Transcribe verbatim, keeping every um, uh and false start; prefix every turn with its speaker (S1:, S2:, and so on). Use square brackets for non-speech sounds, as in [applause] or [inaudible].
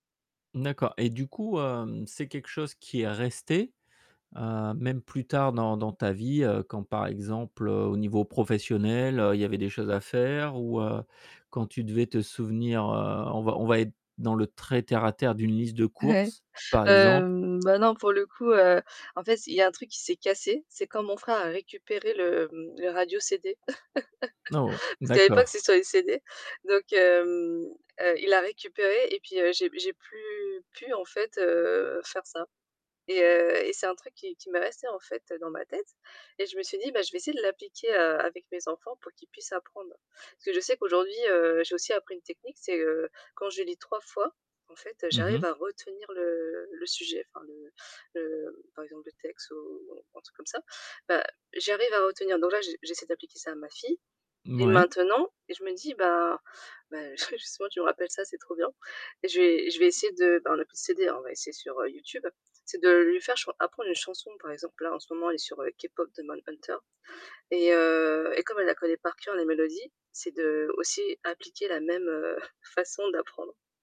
S1: D'accord. Et du coup, hem, c'est quelque chose qui est resté, heu, même plus tard dans dans ta vie, heu, quand par exemple, heu, au niveau professionnel, heu, il y avait des choses à faire ou, heu, quand tu devais te souvenir, heu- on va on va être dans le très terre-à-terre- d'une liste de
S2: Ouais.
S1: courses, par exemple?
S2: Hem, bah, non, pour le coup, heu, en fait, c il y a un truc qui s'est cassé, c'est quand mon frère a récupéré le, hem, le radio CD,
S1: Oh!
S2: [laughs] parce qu'à l'époque,
S1: D'accord.
S2: c'était sur les CD. Donc, hem, heu, il l'a récupéré et puis, heu, j'ai p j'ai plus pu, en fait, heu, faire ça. Et heu, et c'est un truc qui qui m'est resté, en fait, heu, dans ma tête et je me suis dit: «Bah, je vais essayer de l'appliquer, heu, avec mes enfants pour qu'ils puissent apprendre». Parce que je sais qu'aujourd'hui, heu, j'ai aussi appris une technique, c'est, heu, quand je lis trois fois, en fait, heu,
S1: Mmh
S2: j'arrive
S1: mh.
S2: à retenir le le sujet enfin le le, hem, par exemple, le texte ou un truc comme ça. Bah, j'y arrive à retenir. Donc là, j'e j'essaie d'appliquer ça à ma fille et
S1: Mouais.
S2: maintenant et je me dis, bah- bah, ju justement tu me rappelles ça, c'est trop bien- et je vais je vais essayer de- ben on n'a plus de CD hein, on va essayer sur, heu, YouTube- c'est de lui faire chan apprendre une chanson. Par exemple, là, en ce moment, elle est sur, heu, K‑Pop Demon Hunters et, heu, et comme elle la connaît par cœur, la mélodie, c'est d'aussi appliquer la même, heu, [chuckles] façon d'apprendre.